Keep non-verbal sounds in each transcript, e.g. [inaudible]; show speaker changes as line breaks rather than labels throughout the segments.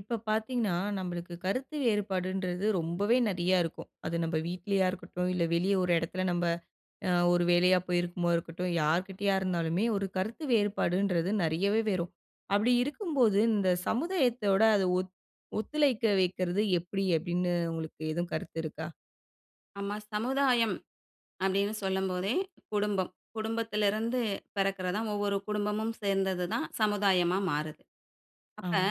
இப்ப பார்த்தீங்கன்னா, நம்பளுக்கு கருத்து வேறுபாடுன்றது ரொம்பவே நெறைய இருக்கும். அது நம்ப வீட்லயா இருக்கட்டும், இல்ல வெளிய ஒரு இடத்துல நம்ப அ ஒரு வேலையா போயிருக்கும் போது இருக்கட்டும். யார்கிட்டயா இருந்தாலுமே ஒரு கருத்து வேறுபாடுன்றது நெறையவே வரும். அப்படி இருக்கும்போது இந்த சமுதாயத்தோட அத ஒத் ஒத்துழைக்க வைக்கிறது எப்படி? அப்டீன்னு உங்களுக்கு எதுவும் கருத்து இருக்கா?
அம்மா. சமுதாயம் அப்டீன்னு சொல்லும்போதே குடும்பம். குடும்பத்திலிருந்து பிறக்குறது தான். ஒவ்வொரு குடும்பமும் சேர்ந்தது தான் சமுதாயமா மாறுது. அப்ப
ஆமா.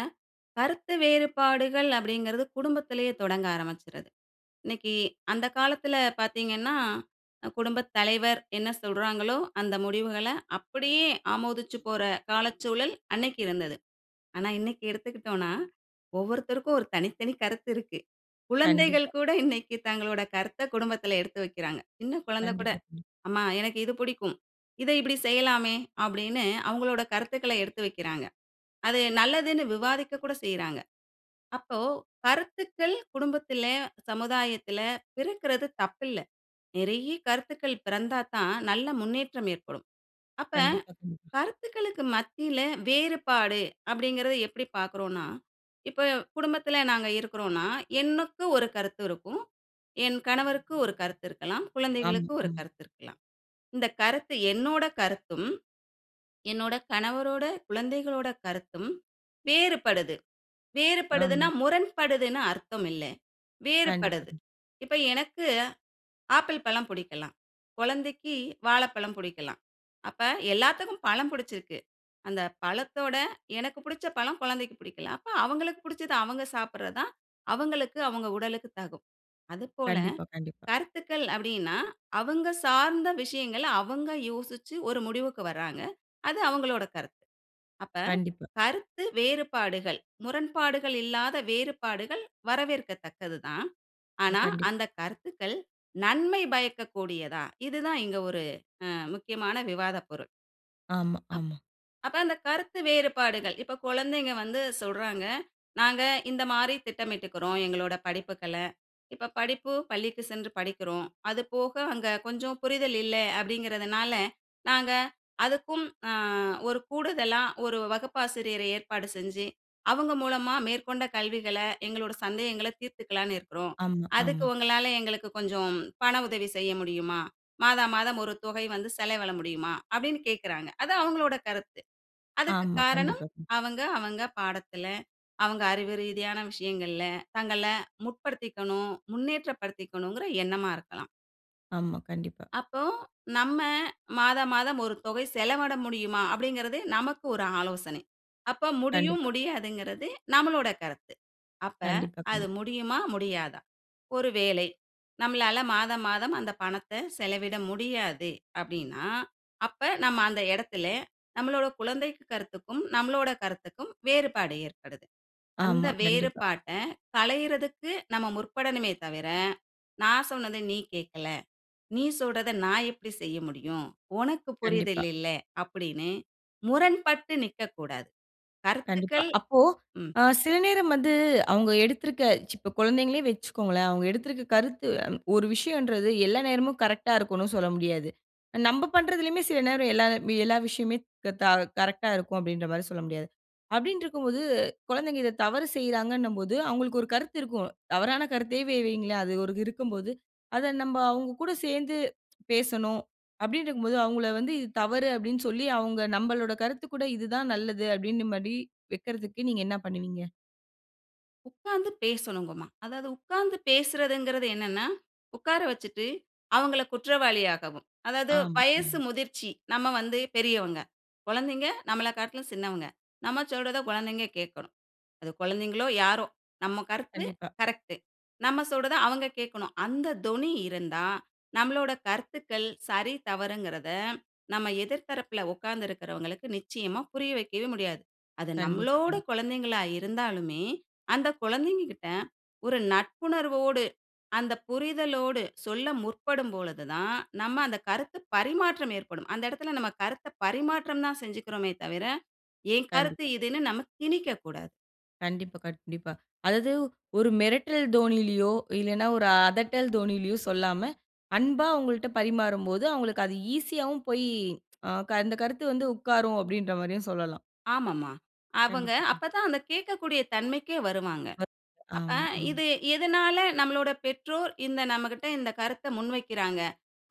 கருத்து வேறுபாடுகள் அப்டீங்கிறது குடும்பத்திலேயே தொடங்க ஆரம்பிச்சுருது. இன்னைக்கு அந்த காலத்துல பாத்தீங்கன்னா, குடும்பத் தலைவர் என்ன சொல்றாங்களோ, அந்த முடிவுகள்ல அப்பிடியே ஆமோதிச்சுப் போற காலச்சூழல் அன்னைக்கு இருந்தது. ஆனா இன்னைக்கு எடுத்துக்கிட்டோம்னா, ஒவ்வொருத்தருக்கும் ஒரு தனித்தனி கருத்து இருக்கு. குழந்தைகள்
கண்டிப்பா.
கூட இன்னைக்கு தங்களோட கருத்த குடும்பத்துல எடுத்து வைக்கிறாங்க. சின்ன குழந்தை கூட,
கண்டிப்பா. ம்.
"அம்மா, எனக்கு இது பிடிக்கும். இத இப்படி செய்யலாமே." அப்டீன்னு அவங்களோட கருத்துக்கள எடுத்து வைக்கிறாங்க. அது நல்லதுன்னு விவாதிக்க கூட செய்றாங்க. அப்போ கருத்துக்கள் குடும்பத்தில, சமுதாயத்தில பிறக்கிறது தப்பில்ல. நெறைய கருத்துக்கள் பிறந்தாத்தான் நல்ல முன்னேற்றம் ஏற்படும். அப்ப
கண்டிப்பா, கண்டிப்பா.
"கருத்துக்களுக்கு மத்தியில வேறுபாடு" அப்படிங்கிறத எப்படி பார்க்குறோம்ன்னா, இப்ப குடும்பத்தில நாங்க இருக்கிறோம்ன்னா எனக்கு ஒரு கருத்து இருக்கும். என் கணவருக்கு ஒரு கருத்து இருக்கலாம்.
ஆமா,
குழந்தைகளுக்கு ஒரு
ஆமா.
கருத்து இருக்கலாம். இந்த கருத்து என்னோட கருத்தும், என்னோட கணவரோட, குழந்தைகளோட கருத்தும் வேறுபடுது.
ஆமா.
வேறுபடுதுன்னா முரண்படுதுன்னு அர்த்தமில்ல.
கண்டிப்பா,
வேறுபடுது.
கண்டிப்பா.
இப்ப எனக்கு, ஆப்பிள் பழம் புடிக்கலாம், குழந்தைக்கு வாழப்பழம் புடிக்கலாம். அப்ப எல்லாத்துக்கும் பழம் புடிச்சுருக்கு. அந்த பழத்தோட, எனக்கு புடிச்ச பழம் குழந்தைக்கு பிடிக்கல. அப்ப அவங்களுக்கு புடிச்சது அவங்க சாப்பிறது தான் அவங்களுக்கு அவங்க உடலுக்கு தகும். அதுபோல
கண்டிப்பா, கண்டிப்பா.
கருத்துக்கள் அப்டீன்னா அவங்க சார்ந்த விஷயங்கள், அவங்க யோசிச்சு ஒரு முடிவுக்கு வர்றாங்க. அது அவங்களோட கருத்து. அப்ப
கண்டிப்பா.
கருத்து வேறுபாடுகள், முரண்பாடுகள் இல்லாத வேறுபாடுகள் வரவேற்கத்தக்கது தான்.
ம்
ஆனா,
கண்டிப்பா.
அந்த கருத்துக்கள் நன்மை பயக்கக்கூடியதா? இது தான் இங்க ஒரு அ முக்கியமான விவாத பொருள்
ஆமா,
அப்
ஆமா.
அப்ப அந்த கருத்து வேறுபாடுகள். இப்ப குழந்தைங்க வந்து சொல்றாங்க, "நாங்க இந்த மாரி திட்டமிட்டுக்குறோம் எங்களோட படிப்புக்கள. இப்ப படிப்பு பள்ளிக்கு சென்று படிக்கிறோம். அது போக அங்க கொஞ்சம் புரிதல் இல்ல, அப்படிங்கிறதுனால நாங்க அதுக்கும் அ ஒரு கூடுதலா ஒரு வகுப்பாசிரியரை ஏற்பாடு செஞ்சு, அவங்க மூலமா மேற்கொண்ட கல்விகள எங்களோட சந்தேகங்கள்ல தீர்த்துக்கலாம்னு இருக்குறோம்.
ஆமா,
அதுக்கு
ஆமா.
உங்களால எங்களுக்கு கொஞ்சம் பண உதவி செய்ய முடியுமா? மாதா மாதம் ஒரு தொகை வந்து செலவிட முடியுமா?" அப்டீன்னு கேட்கிறாங்க. அது அவங்களோட கருத்து. அதுக்கு
ஆமா.
காரணம்
கண்டிப்பா. கண்
அவங்க, அவங்க பாடத்துல, அவங்க அறிவு ரீதியான விஷயங்கள்ல தங்கள முற்படுத்திக்கணும், முன்னேற்றப்படுத்திக்கணுங்கிற எண்ணமா இருக்கலாம்.
ஆமா, கண்டிப்பா.
அப்போ நம்ம, மாத மாதம் ஒரு தொகை செலவிட முடியுமா? அப்படிங்கிறது நமக்கு ஒரு ஆலோசனை. அப்ப முடியும்
கண்டிப்பா.
முடியாதுங்கிறது, நம்மளோட கருத்து. அப்ப
கண்டிப்பா,
அது
கண்டிப்பா.
முடியுமா, முடியாதா? ஒரு வேளை, நம்மளால மாத மாதம் அந்த பணத்த செலவிட முடியாது. அப்டின்னா, அப்ப நம்ம அந்த எடத்தில, நம்மளோட குழந்தைக் கருத்துக்கும், நம்மளோட கருத்துக்கும் வேறுபாடு ஏற்படுது. அந்த
ஆமா, கண்டிப்பா.
வேறுபாட்ட களையரதுக்கு நம்ம முற்படனுமே தவிர, நான் சொன்னத நீ கேக்கல. நீ சொல்ரத நான் எப்புடி செய்ய முடியும்? ஒனக்கு புரிதல்
கண்டிப்பா.
இல்ல. அப்படின்னு முரண்பட்டு நிக்கக்கூடாது.
கண்டிப்பா.
கருத்துக்கள்
அப்போ,
ம்.
அ சில நேரம் வந்து அவுங்க எடுத்துருக்க இப்ப குழந்தைங்களே வச்சிக்கோங்களேன். அவுங்க எடுத்திருக்க கருத்து ஒரு விஷயம்ன்றது எல்லா நேரமும் கரெக்ட்டா இருக்கும்ன்னு சொல்ல முடியாது. நம்ப பண்றதுலயும சில நேரம் எல்லா எல்லா விஷயம் மே க த கரரெக்ட்டா இருக்கும், அப்படின்ற மாதிரி சொல்ல முடியாது. அப்டின்ருக்கும்போது, குழந்தைங்க இத தவறு செய்றாங்கண்ணும்போது அவங்களுக்கு ஒரு கருத்து இருக்கும். தவறான கருத்தே வெ வையுங்களேன். அது இருக்கும்போது, அத நம்ப அவுங்க கூட சேந்து பேசணும், அப்டின்ருக்கும்போது அவுங்கள வந்து "இது தவறு" அப்டின்னு சொல்லி, அவுங்க நம்பளோட கருத்து கூட இது தான் நல்லது. அப்டின்ற மாரி வெக்கறதுக்கு நீங்க என்ன பண்ணுவீங்க?
உட்கார்ந்து பேசணுங்கம்மா. அதாவது உட்கார்ந்து பேசுறதுங்கிறது என்னன்னா, உக்கார வச்சுட்டு அவங்கள குற்றவாளியாகவும் அதாவது
ஆமா. ம்.
வயசு முதிர்ச்சி நம்ம வந்து பெரியவங்க, குழந்தைங்க நம்மளக்காட்டிலும் சின்னவங்க, நம்ம சொல்றத குழந்தைங்க கேக்கணும். அது குழந்தைகளோ, யாரோ! நம்ம கருத்து
கண்டிப்பா.
கரெக்ட்டு. நம்ப சொல்றத அவங்க கேக்கணும். அந்த தொனி இருந்தா, நம்பளோட கருத்துக்கள் சரி, தவறுங்கிறத நம்ம எதிர்த்தரப்புல உட்கார்ந்திருக்கிறவங்களுக்கு நிச்சயமா புரிய வைக்கவே முடியாது. அது
கண்டிப்பா,
நம்மளோட
கண்டிப்பா.
குழந்தைகளா இருந்தாலுமே, அந்த குழந்தைங்ககிட்ட ஒரு நட்புணர்வோடு, அந்த புரிதலோடு, சொல்ல முற்படும் பொழுதுதான், நம்ம அந்த கருத்து பரிமாற்றம் ஏற்படும். அந்த இடத்துல நம்ம கருத்த பரிமாற்றம்தான் செஞ்சுக்கிறோமே தவிர, என் கருத்து
கண்டிப்பா.
இதுன்னு நம்ம திணிக்கக்கூடாது.
கண்டிப்பா, கண்டிப்பா. அதாவது ஒரு மிரட்டல் தோனியிலயோ, இல்லனா ஒரு அதட்டல் தோனியிலயோ சொல்லாம, அன்பா அவங்கள்ட்ட பரிமாறும்போது அவங்களுக்கு அது ஈஸியாவும் போயி, அ க அந்த கருத்து வந்து உக்காரும் அப்டின்ற மாரியும் சொல்லலாம்.
ஆமாம்மா. அவங்க
கண்டிப்பா, கண்டி
அப்பதான் அந்த கேக்கக்கூடிய தன்மைக்கே வருவாங்க.
வக்
அப் அ
ஆமா, ஆமா.
இது எதனால நம்மளோட பெற்றோர் இந்த நம்மகிட்ட இந்த கருத்த முன்வைக்கிறாங்க?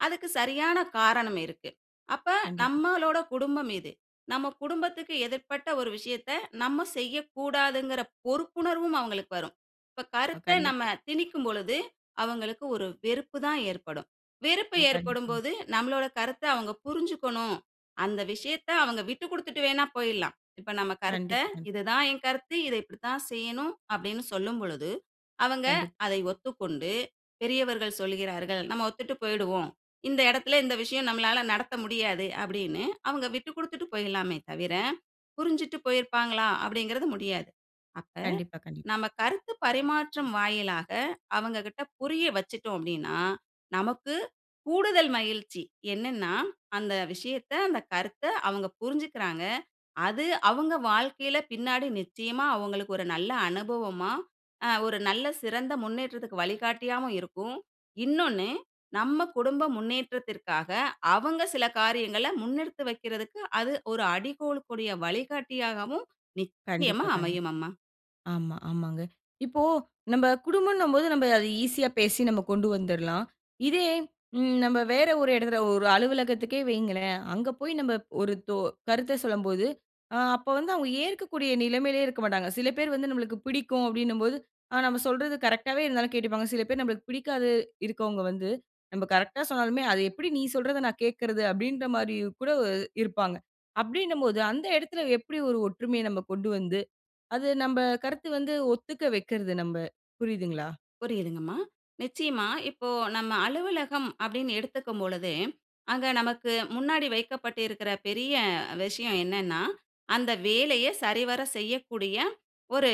அதுக்கு சரியான காரணம் இருக்கு. அப்ப
கண்டிப்பா.
நம்மளோட குடும்பம் இது. நம்ம குடும்பத்துக்கு எதிர்ப்பட்ட ஒரு விஷயத்த நம்ம செய்யக்கூடாதுங்கிற பொறுப்புணர்வும் அவங்களுக்கு வரும். இப்ப
அ
கருத்த நம்ம
கண்டிப்பா.
திணிக்கும் பொழுது, அவங்களுக்கு ஒரு வெறுப்புதான் ஏற்படும். வெறுப்ப
ம்
ஏற்படும்
கண்டிப்பாங்க.
போது நம்மளோட கருத்த அவங்க புரிஞ்சுக்கணும், அந்த விஷயத்த அவங்க விட்டுக்கொடுத்துட்டு வேணா போயிரலாம். இப்ப நம்ம கருத்த
கண்டிப்பா, கண்டிப்பா.
"இதுதான் என் கருத்து, இத இப்டித்தான் செய்யணும்" அப்டின்னு சொல்லும் பொழுது, அவங்க
கண்டிப்
அதை ஒத்துக்கொண்டு பெரியவர்கள் சொல்கிறார்கள், நம்ம ஒத்துட்டு போயிடுவோம். இந்த இடத்துல இந்த விஷயம் நம்மளால நடத்த முடியாது, அப்டின்னு அவங்க விட்டுக்கொடுத்துட்டு போயிரலாமே தவிர, புரிஞ்சுட்டு போயிருப்பாங்களா அப்டிங்கிறது முடியாது. அப்ப
கண்டிப்பா, கண்டிப்
நம்ம கருத்து பரிமாற்றம் வாயிலாக அவங்ககிட்ட புரிய வச்சுட்டோம் அப்டின்னா, நமக்கு கூடுதல் மகிழ்ச்சி என்னன்னா, "அந்த விஷயத்த, அந்த கருத்த அவங்க புரிஞ்சுக்கறாங்க. அது அவங்க வாழ்க்கையில பின்னாடி நிச்சயமா அவங்களுக்கு ஒரு நல்ல அனுபவமா, அ ஒரு நல்ல சிறந்த முன்னேற்றத்துக்கு வழிகாட்டியாவும் இருக்கும்". இன்னொன்னு நம்ம குடும்ப முன்னேற்றத்திற்காக அவங்க சில காரியங்கள முன்னெடுத்து வைக்கிறதுக்கு, அது ஒரு அடிகோலக்கூடிய வழிகாட்டியாகவும் நிச்சயமா
கண்டிப்பா, கண்டிப்பா.
அமையும் அம்மா.
ஆமா, ஆமாங்க. இப்போ நம்ப குடும்பம்னம்போது நம்ம அது ஈஸியா பேசி நம்ம கொண்டு வந்தரலாம். இதே ம் நம்ம வேற ஒரு இடத்துல ஒரு அலுவலகத்துக்கே வைங்களேன். அங்க போய் நம்ம ஒரு தொ கருத்த சொல்லும்போது, அ அப்ப வந்து அவங்க ஏற்கக்கூடிய நிலைமையிலே இருக்கமாட்டாங்க. சில பேரு வந்து நம்மளுக்கு பிடிக்கும் அப்டின்னும்போது, அ நம்ம சொல்றது கரெக்டாவே இருந்தாலும் கேட்டுப்பாங்க. சில பேர் நம்பளுக்கு பிடிக்காது இருக்கறவங்க வந்து நம்ம கரெக்டா சொன்னாலுமே, அது எப்டி நீ சொல்றத நான் கேக்குறது? அப்டின்ற மாரியும் கூட இருப்பாங்க. அப்டின்னும்போது அந்த இடத்துல எப்டி ஒரு ஒற்றுமைய நம்ப கொண்டு வந்து, அது நம்ப கருத்து வந்து ஒத்துக்க வைக்கிறது நம்ப? புரியுதுங்களா?
புரியுதுங்கம்மா. நிச்சயமா. இப்போ நம்ம அலுவலகம் அப்டின்னு எடுத்துக்கும் பொழுதே, அங்க நமக்கு முன்னாடி வைக்கப்பட்டிருக்கிற பெரிய விஷயம் என்னன்னா, அந்த வேலைய சரிவர செய்யக்கூடிய ஒரு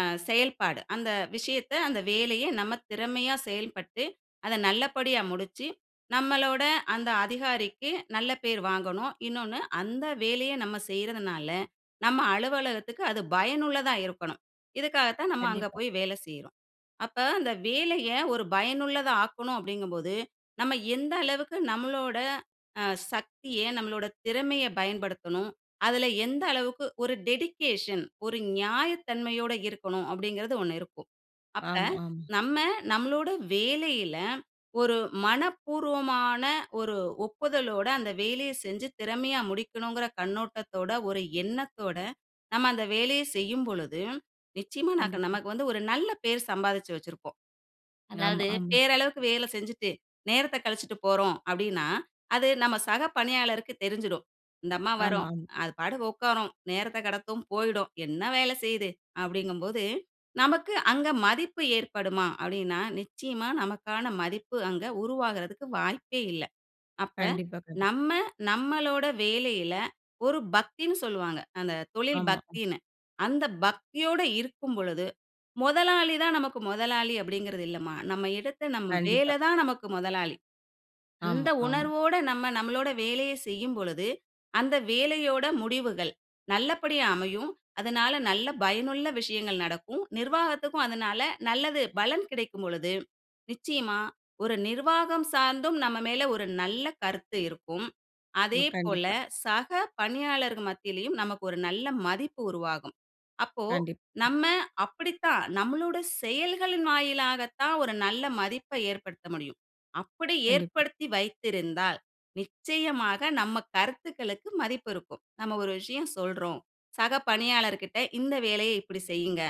அ செயல்பாடு. அந்த விஷயத்த, அந்த வேலைய நம்ம திறமையா செயல்பட்டு, அத நல்லபடியா முடிச்சு, நம்மளோட அந்த அதிகாரிக்கு நல்ல பேர் வாங்கணும்". இன்னொன்னு "அந்த வேலைய நம்ம செய்றதுனால நம்ம அலுவலகத்துக்கு அது பயனுள்ளதா இருக்கணும்". இதுக்காகத்தான் நம்ம அங்க
கண்டிப்பா.
போய் வேலை செய்றோம். அப்ப அந்த வேலைய ஒரு பயனுள்ளதா ஆக்கணும் அப்டிங்கும்போது, நம்ம எந்த அளவுக்கு நம்மளோட அ சக்திய நம்மளோட திறமையை பயன்படுத்தணும்? அதுல எந்த அளவுக்கு ஒரு டெடிகேஷன், ஒரு நியாயத்தன்மையோட இருக்கணும் அப்டிங்கிறது 1 இருக்கும். அப்ப,
ஆமா, ஆமா.
நம்ம நம்மளோட வேலையில ஒரு மனப்பூர்வமான ஒரு ஒப்புதலோட அந்த வேலைய செஞ்சு திறமையா முடிக்கணும்ங்கிற கண்ணோட்டத்தோட, ஒரு எண்ணத்தோட, நம்ம அந்த வேலைய செய்யும் பொழுது, நிச்சயமா நக்
கண்டிப்பா.
நமக்கு வந்து ஒரு நல்ல பேர் சம்பாதிச்சு வச்சிருப்போம்.
ஆமா,
அதாவது,
ஆமா.
பேரளவுக்கு வேல செஞ்சுட்டு, நேரத்த கழிச்சிட்டு போறோம் அப்டின்னா, அது நம சக பணியாளருக்கு தெரிஞ்சுடும். இந்த அம்மா
ஆமா,
வரும்,
ஆமா.
அது பாட்டுக்கு உட்காரும், நேரத்தக் கடத்தும், போயிடும், என்ன வேல செய்யுது? அப்டிங்கும்போது, நமக்கு அங்க மதிப்பு ஏற்படுமா? அப்டின்னா நிச்சயமா நமக்கான மதிப்பு அங்க உருவாகுறதுக்கு வாய்ப்பே இல்ல. அப்ப
கண்டிப்பா, கண்டிப்பா.
நம்ம நம்மளோட வேலையில ஒரு பக்தின்னு சொல்லுவாங்க. அந்த தொழில்
ஆமா. ம்.
பக்தின்னு. அந்த பக்தியோட இருக்கும் பொழுது, "முதலாளிதான் நமக்கு முதலாளி" அப்டிங்கிறது இல்லம்மா. நம்ம இடத்த "நம்ம
கண்டிப்பா.
வேலதான் நமக்கு முதலாளி". அந்த
ஆமா, ஆம்.
உணர்வோட நம்ம நம்மளோட வேலைய செய்யும் பொழுது, அந்த வேலையோட முடிவுகள் நல்லபடியா அமையும். அதனால நல்ல பயனுள்ள விஷயங்கள் நடக்கும். நிர்வாகத்துக்கும் அதனால நல்லது பலன் கிடைக்கும் பொழுது, நிச்சயமா ஒரு நிர்வாகம் சார்ந்தும் நம்ம மேல ஒரு நல்ல கருத்து இருக்கும்.
ம்
அதேபோல
கண்டிப்பா.
சக பணியாளர்கள் மத்தியிலயும் நமக்கு ஒரு நல்ல மதிப்பு உருவாகும். அப்போ
கண்டிப்
நம்ம அப்டித்தான் நம்மளோட செயல்களின் வாயிலாகத்தான் ஒரு நல்ல மதிப்பை ஏற்படுத்த முடியும். அப்டி
கண்டிப்பா.
ஏற்படுத்தி வைத்திருந்தால் நிச்சயமாக நம்ம கருத்துக்களுக்கு மதிப்பு இருக்கும். நம்ம ஒரு விஷயம் சொல்றோம், சக பணியாளர்கிட்ட "இந்த வேலையை இப்டி செய்யுங்க,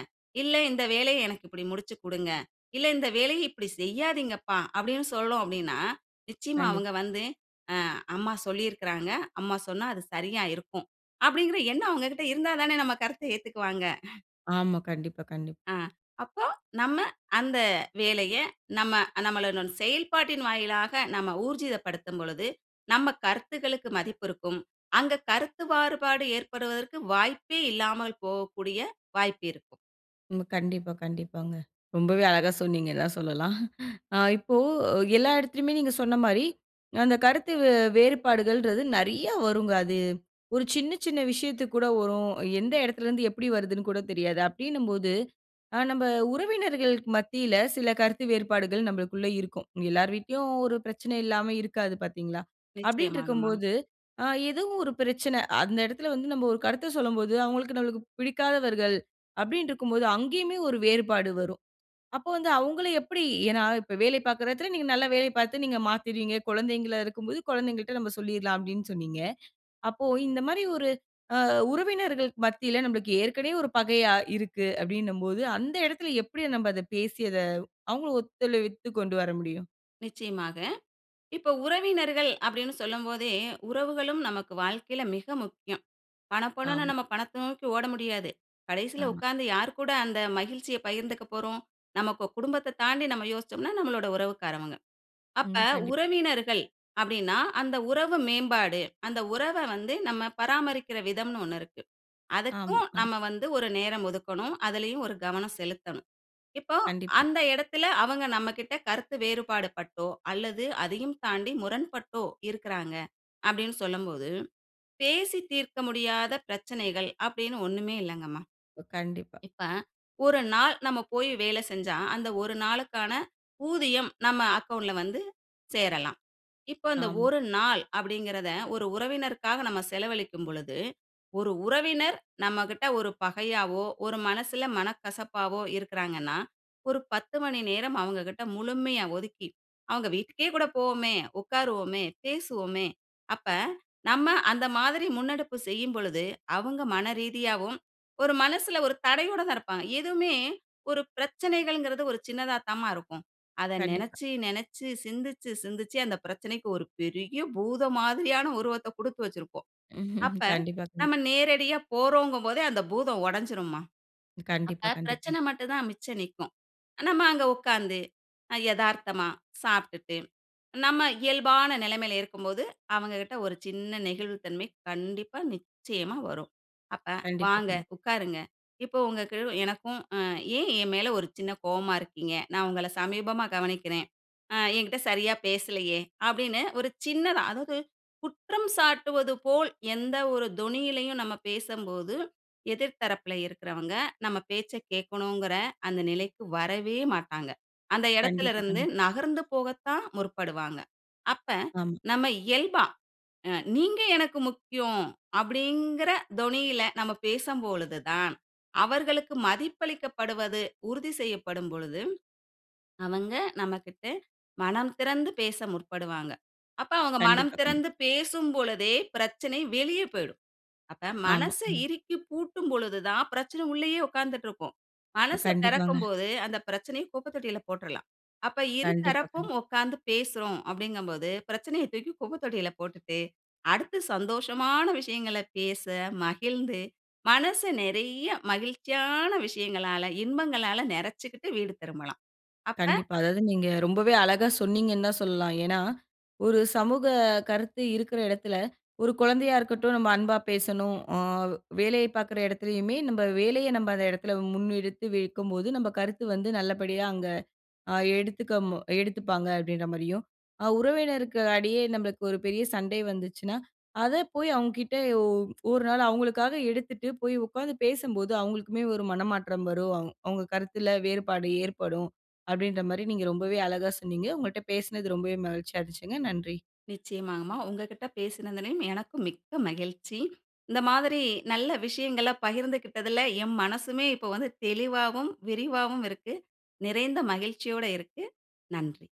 இல்ல இந்த வேலைய எனக்கு இப்டி முடிச்சுக்குடுங்க, இல்ல இந்த வேலைய இப்டி செய்யாதீங்கப்பா" அப்டின்னு சொல்றோம் அப்டின்னா, நிச்சயமா
கண்டிப்பா.
அவங்க வந்து, அ அம்மா சொல்லியிருக்காங்க, அம்மா சொன்னா அது சரியா இருக்கும். அப்டிங்கற எண்ணம் அவங்ககிட்ட இருந்தாதானே நம்ம கருத்த ஏத்துக்குவாங்க.
ஆமா. கண்டிப்பா, கண்டிப்
ஆ, அப்போ நம்ப அந்த வேலைய, நம்ப நம்மளுடன் செயல்பாட்டின் வாயிலாக, நம்ப ஊர்ஜிதப்படுத்தும் பொழுது, நம்ப கருத்துக்களுக்கு மதிப்பு இருக்கும். அங்கு கருத்து மாறுபாடு, ஏற்படுவதற்கு வாய்ப்பே இல்லாமல் போகக்கூடிய வாய்ப்பு இருக்கும்.
ம். கண்டிப்பா, கண்டிப்பாங்க. ரொம்பவே அழகா சொன்னீங்க தான் சொல்லலாம் அ இப்போ எல்லா இடத்துலயுமே நீங்க சொன்ன மாரி, அந்த கருத்து வே வேறுபாடுகள்ன்றது நிறைய வருங்க அது. 1 சின்ன, சின்ன விஷயத்துக்கு கூட வரும். எந்த இடத்துல இருந்து எப்பிடி வருதுன்னு கூட தெரியாது. அப்பிடின்னும்போது, அ நம்ப உறவினர்களுக்கு மத்தியில சில கருத்து வேறுபாடுகள் நம்மளுக்குள்ள இருக்கும். எல்லார் வீட்டுலயிலும் 1 பிரச்சனை இல்லாம இருக்காது பாத்தீங்களா? அப்பிடின்டு
நிச்சயமாக
இருக்கும்
மா.
போது அ ஏதோ 1 பிரச்சன அந்த இடத்துல வந்து நம்ப 1 கருத்த சொல்லும்போது, அவுங்களுக்கு நம்மளுக்கு பிடிக்காதவர்கள். அப்பிடின்டு இருக்கும்போது அங்கேயுமே 1 வேறுபாடு வரும். அப்போ வந்து அவுங்கள எப்பிடி ஏன்னா, இப்ப வேலை பாக்குற இடத்துல நீங்க நல்ல வேலை பாத்து நீங்க மாத்தீருவீங்க. குழந்தைங்களா இருக்கும்போது குழந்தைங்கள் கிட்ட நம்ப சொல்லிர்லாம். அப்பிடின்னு சொன்னீங்க, அப்போ இந்த மாரி 1 அ உறவினர்கள்க்கு மத்தியில நம்பளுக்கு ஏற்கனவே 1 பகையாக இருக்கு. அப்பிடின்னம்போது அந்த இடத்துல எப்பிடி நம்ப அத பேசி அத அவங்களும் ஒத்துழைவித்து கொண்டு வர முடியும்?
நிச்சயமாக. இப்போ உறவினர்கள் அப்படின்னு சொல்லும் போதே, உறவுகளும் நமக்கு வாழ்க்கையில மிக முக்கியம். பணப்பணன்னு
ஆமா.
நம்ம பணத்த நோக்கி ஓட முடியாது. கடைசியில
ஆமா.
உட்கார்ந்து யார் கூட அந்த மகிழ்ச்சிய பகிர்ந்துக்க போறோம்? நமக்கு குடும்பத்த தாண்டி நம்ம யோசிச்சோம்னா, நம்மளோட உறவுக்காரவங்க. அப்ப
ம், கண்டிப்பா.
உறவினர்கள் அப்படின்னா அந்த உறவு மேம்பாடு, அந்த உறவ வந்து நம்ம பராமரிக்கிற விதம்ன்னு ஒண்ணு இருக்கு.
ஆமா,
அதுக்கும்
ஆமா.
நம்ம வந்து ஒரு நேரம் ஒதுக்கணும். அதுலயும் ஒரு கவனம் செலுத்தணும். இப்போ
கண்டிப்பா.
அந்த இடத்தில அவங்க நம்மகிட்ட கருத்து வேறுபாடு பட்டோ, அல்லது அதையும் தாண்டி முரண்பட்டோ, இருக்கறாங்க அப்படின்னு சொல்லும்போது, பேசி தீர்க்க முடியாத பிரச்சனைகள், அப்படின்னு ஒண்ணுமே இல்லங்கம்மா.
கண்டிப்பா.
இப்ப 1 நாள் நம்ம போய் வேலை செஞ்சா, அந்த 1 நாளுக்கான ஊதியம் நம்ம அக்கவுண்ட்ல வந்து சேரலாம். இப்ப அந்த
ஆமா.
ஒரு நாள் அப்படிங்ககிறதை ஒரு உறவினருக்காக நாம செலவழிக்கும் பொழுது, ஒரு உறவினர் நம்மகிட்ட ஒரு பகையாகவோ! ஒரு மனசுல மனக்கசப்பாவோ இருக்கறாங்கன்னா ஒரு 10 மணி நேரம் அவங்ககிட்ட முழுமையா ஒதுக்கி, அவங்க வீட்டுக்கே கூட போவோமே. உட்காருவோமே, பேசுவோமே. அப்ப நம்ம அந்த மாதிரி முன்னெடுப்பு செய்யும் பொழுது, அவங்க மன ரீதியாவும் ஒரு மனசுல ஒரு தடையோட தான் இருப்பாங்க. எதுவுமே ஒரு பிரச்சனைகள்ங்கிறது ஒரு சின்னதா தாம்மா இருக்கும். அத
கண்டிப்பா.
நெனச்சு நெனச்சு சிந்திச்சு சிந்திச்சு, அந்த பிரச்சனைக்கு ஒரு பெரிய பூதம் மாதிரியான உருவத்த கொடுத்து வச்சிருப்போம், அப்ப
[chuckles] கண்டிப்பா, கண்டிப்பா.
நம்ம நேரடியா போறோங்கும் போதே அந்த பூதம் ஒடச்சிரும்மா.
கண்டிப்பா,
அப்ப
கண்டிப்பா.
பிரச்சனை மட்டும் தான் மிச்சம் நிக்கும். நம்ம அங்கே உட்காந்து அ எதார்த்தமா சாப்பிட்டுட்டு. நம்ம இயல்பான நிலைமையில இருக்கும்போது, அவங்க கிட்ட ஒரு சின்ன நெகிழ்வுத் தன்மை கண்டிப்பா நிச்சயமா வரும். அப்ப
கண்டிப்பா,
வாங்க
கண்டிப்பா.
உட்காருங்க இப்போ உங்களுக்கு எனக்கும், ம் ஏன் என் மேல ஒரு சின்ன கோவமா இருக்கீங்க? நான் உங்களை சமீபமா கவனிக்கிறேன், ம் என்கிட்டே சரியா பேசலையே? அப்படின்னு ஒரு சின்ன அதாவது குற்றம் சாட்டுவது போல், எந்த ஒரு தொனியிலயும் நம்ம பேசம்போது, எதிர் தரப்பில இருக்கிறவங்க நம்ம பேச்சை கேட்கணுங்கிற, அந்த நிலைக்கு வரவே மாட்டாங்க. அந்த
கண்டிப்பா,
இடத்திலிருந்து
கண்டிப்பா.
நகர்ந்து போகத்தான் முற்படுவாங்க. அப்ப,
ஆமா.
நம்ம இயல்பா, அ "நீங்க எனக்கு முக்கியம்." அப்படிங்கிற தொனியில நம்ம பேசும்பொழுது தான் அவர்களுக்கு மதிப்பளிக்கப்படுவது உறுதி செய்யப்படும் பொழுது, அவங்க நம்மகிட்ட மனம் திறந்து பேச முற்படுவாங்க. அப்ப அவங்க மனம்
கண்டிப்பா, கண்டிப்பா.
திறந்து பேசும் பொழுதே பிரச்சனை வெளியே போய்டும். அப்ப
ஆமா,
மனச
ம்.
இறுக்கி பூட்டும் பொழுது தான் பிரச்சனை உள்ளேயே உட்கார்ந்துட்டு இருக்கும். மனச
கண்டிப்பாங்க.
திறக்கும் போது அந்த பிரச்சனையை குப்ப தொட்டியில போட்ருலாம். அப்ப
கண்டிப்பா,
இருதரப்பும்
கண்டிப்பா.
உட்கார்ந்து பேசுறோம் அப்படிங்கம்போது பிரச்சனையை தூக்கி குப்பத்தொட்டியில போட்டுட்டு, அடுத்து சந்தோஷமான விஷயங்கள பேச மகிழ்ந்து, மனசு நிறைய மகிழ்ச்சியான விஷயங்களால, இன்பங்களால, நெறச்சுக்கிட்டு வீடு திரும்பலாம். அப்ப
கண்டிப்பா, அதாவது நீங்க ரொம்பவே அழகா சொன்னீங்கன்னு தான் சொல்லலாம். ஏன்னா, ஒரு சமூக கருத்து இருக்கற இடத்தில, ஒரு குழந்தையா இருக்கட்டும் நம்ம அன்பா பேசணும். ஆ வேலைய பார்க்கிற இடத்திலேயுமே, நம்ம வேலைய நம்ம அந்த இடத்தில முன்னெடுத்து வைக்கும்போது, நம்ம கருத்து வந்து நல்லபடியா அங்கு அ எடுத்துக்க எடுத்துப்பாங்க. அப்படின்ற மாதிரியும். அ உறவினருக்கு இடையே நம்மளுக்கு ஒரு பெரிய சண்டை வந்துச்சுன்னா, அதை போய் அவங்க கிட்ட ஒரு நாள் அவங்களுக்காக எடுத்துட்டு போய் உட்கார்ந்து பேசும்போது, அவங்களுக்குமே ஒரு மனமாற்றம் வரும். அவங்க கருத்தில வேறுபாடு ஏற்படும். அப்படின்ற மாதிரி நீங்க ரொம்பவே அழகா சொன்னீங்க. உங்கள்ட்ட பேசினது ரொம்பவே மகிழ்ச்சியா இருந்துச்சுங்க! நன்றி.
நிச்சயமாங்மா, உங்ககிட்ட பேசினதிலயும் எனக்கு மிக்க மகிழ்ச்சி. இந்த மாதிரி நல்ல விஷயங்கள பகிர்ந்து கிட்டதுல என் மனசுமே இப்போ வந்து தெளிவாவும், விரிவாவும் இருக்கு. நிறைந்த மகிழ்ச்சியோட இருக்கு. நன்றி.